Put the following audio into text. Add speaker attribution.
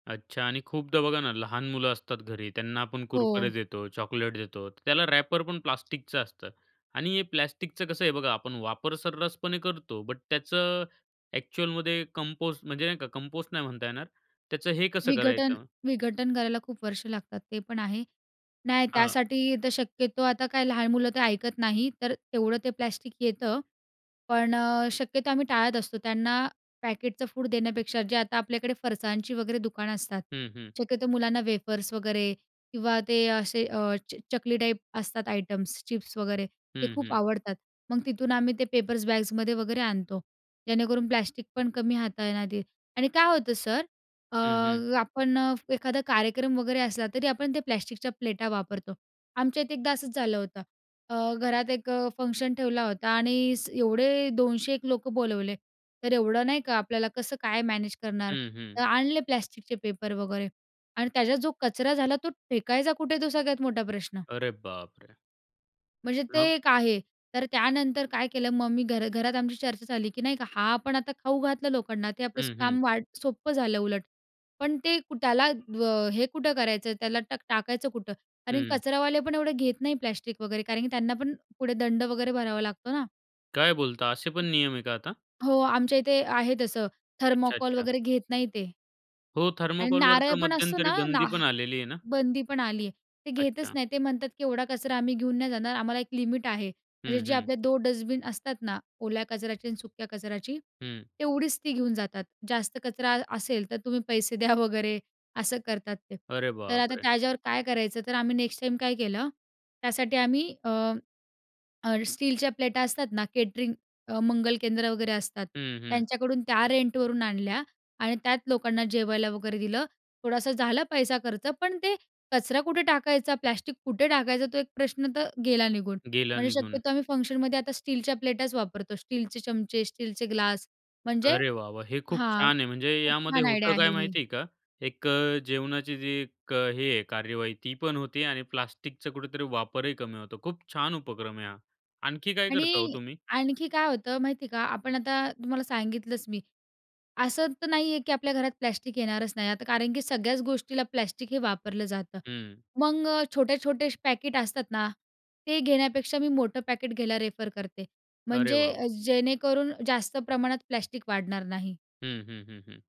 Speaker 1: अच्छा आणि खूपदा बघा ना, लहान मुलं असतात घरी, त्यांना आपण कुरकुरे
Speaker 2: हो.
Speaker 1: देतो, चॉकलेट देतो, त्याला रॅपर पण प्लास्टिकचं असतं आणि हे प्लास्टिकचं कसं आहे बघा, आपण वापर सर्रासपणे करतो बट त्याचं, एक्चुअलमध्ये कंपोस्ट म्हणजे नाही का, कंपोस्ट नाही म्हणता येणार. त्याचं हे कसं
Speaker 2: विघटन
Speaker 1: करायचं?
Speaker 2: विघटन करायला खूप वर्ष लागतात ते पण आहे. नाही
Speaker 1: हां.
Speaker 2: त्यासाठी तर शक्यतो आता काय लहान मुलं तर ऐकत नाही तर तेवढं ते प्लॅस्टिक येतं. पण अ, शक्यतो आम्ही टाळत असतो. त्यांना पॅकेटचं फूड देण्यापेक्षा जे आता आपल्याकडे फरसाणची वगैरे दुकानं असतात.
Speaker 1: हं, हं.
Speaker 2: शक्यतो मुलांना वेफर्स वगैरे किंवा ते असे अ, च चकली टाईप असतात आयटम्स चिप्स वगैरे ते
Speaker 1: हं,
Speaker 2: खूप
Speaker 1: हं.
Speaker 2: आवडतात. मग तिथून आम्ही ते पेपर्स बॅगमध्ये वगैरे आणतो जेणेकरून प्लास्टिक पण कमी हाताळण्यात येईल आणि काय होतं सर अ,
Speaker 1: हं, हं.
Speaker 2: आपण फ एखादा कार्यक्रम वगैरे असला तरी आपण ते प्लॅस्टिकच्या प्लेटा वापरतो. आमच्या इथे एकदा असंच झालं होतं. अ, घरात एक अ, फंक्शन ठेवला होता आणि एवढे 200-1 लोकं बोलावले. तर एवढं नाही का आपल्याला कसं काय मॅनेज करणार?
Speaker 1: हं,
Speaker 2: तर
Speaker 1: हं.
Speaker 2: आणले प्लॅस्टिकचे पेपर वगैरे आणि त्याच्या जो कचरा झाला तो फेकायचा कुठे आहे? तो सगळ्यात मोठा प्रश्न.
Speaker 1: अरे बापरे!
Speaker 2: म्हणजे ते
Speaker 1: मग?
Speaker 2: एक आहे. तर त्यानंतर काय केलं मग मी घरा घरात आमची चर्चा झाली की नाही का हा आपण आता खाऊ घातलं लोकांना आता ते आपलं
Speaker 1: हं, हं.
Speaker 2: काम वा सोप्पं झालं उलट. पण ते कु त्याला व हे कुठं करायचं, त्याला टा टाकायचं कुठं? आणि
Speaker 1: हं.
Speaker 2: कचरावाले पण एवढे घेत नाही प्लास्टिक वगैरे कारण की त्यांना पण पुढे दंड वगैरे भरावा लागतो ना.
Speaker 1: काय बोलता असे पण नियम आहे का आता?
Speaker 2: हो, आमच्या इथे आहे तसं,
Speaker 1: अच्छा,
Speaker 2: थर्मोकॉल
Speaker 1: अच्छा.
Speaker 2: वगैरे घेत नाही ते.
Speaker 1: हो,
Speaker 2: आणि
Speaker 1: थर्मोकोलवर
Speaker 2: नारळ
Speaker 1: तर
Speaker 2: पण असतो
Speaker 1: मध्यंतरी
Speaker 2: ना,
Speaker 1: बंदी
Speaker 2: ना
Speaker 1: पण आलेली आहे ना?
Speaker 2: बंदी पण आली आहे. ते घेतच
Speaker 1: अच्छा.
Speaker 2: नाही. ते म्हणतात की, "एवढा कचरा आम्ही घेऊन नाही जाणार आम्हाला एक लिमिट आहे. म्हणजे
Speaker 1: हं,
Speaker 2: जे
Speaker 1: हं.
Speaker 2: आपले 2 डस्टबिन असतात ना, ओल्या कचऱ्याची आणि सुक्या कचऱ्याची,
Speaker 1: हं.
Speaker 2: तेवढीच ती घेऊन जातात. जास्त कचरा अ असेल तर तुम्ही पैसे द्या वगैरे असं करतात ते.
Speaker 1: अरे
Speaker 2: तर आता
Speaker 1: बापरे!
Speaker 2: त्याच्यावर काय करायचं? तर आम्ही नेक्स्ट टाईम काय केलं, त्यासाठी आम्ही अ, अ, स्टीलच्या प्लेटा असतात ना केटरिंग अ, मंगल केंद्र वगैरे असतात.
Speaker 1: हं, हं.
Speaker 2: त्यांच्याकडून त्या रेंटवरून आणल्या आणि त्यात लोकांना जेवायला वगैरे दिलं. थोडासा झालं पैसा खर्च पण ते कचरा कुठे टाकायचा? प्लॅस्टिक कुठे टाकायचा? तो एक प्रश्न तर गेला निघून.
Speaker 1: गेला
Speaker 2: म्हणजे
Speaker 1: निघून.
Speaker 2: शक्यतो आम्ही फंक्शनमध्ये आता स्टीलच्या प्लेटाच वापरतो. स्टीलच्या प्लेटाच वापरतो. स्टीलचे चमचे, स्टीलचे ग्लास. म्हणजे
Speaker 1: अरे वाह! वाह! हे खूप
Speaker 2: हां,
Speaker 1: छान आहे. म्हणजे
Speaker 2: खूप
Speaker 1: यामध्ये
Speaker 2: छान आयडिया
Speaker 1: होतं काय
Speaker 2: आहे ही.
Speaker 1: माहिती आहे का? एक जेवणाची जी एक हे आहे कार्यवाही, ती पण होती आणि प्लास्टिकचा कुठेतरी वापरही कमी होतो. खूप छान उपक्रम आहे हा. आणखी काय करता हो
Speaker 2: आणि
Speaker 1: तुम्ही?
Speaker 2: आणखी काय होतं माहिती का? आपण आता तुम्हाला सांगितलंच मी, असं तर नाही आहे की आपल्या घरात प्लास्टिक येणारच नाही. आता कारण की सगळ्याच गोष्टीला प्लास्टिक हे वापरलं जातं.
Speaker 1: हं.
Speaker 2: मग अ, छोटे-छोटे पॅकट असतात ना, ते घेण्यापेक्षा मी मोठं पॅकेट घ्यायला रेफर करते.
Speaker 1: अरे वाह,
Speaker 2: म्हणजे
Speaker 1: वाह!
Speaker 2: जेणेकरून जास्त प्रमाणात प्लास्टिक वाढणार नाही.
Speaker 1: हं, हं, हं, हं.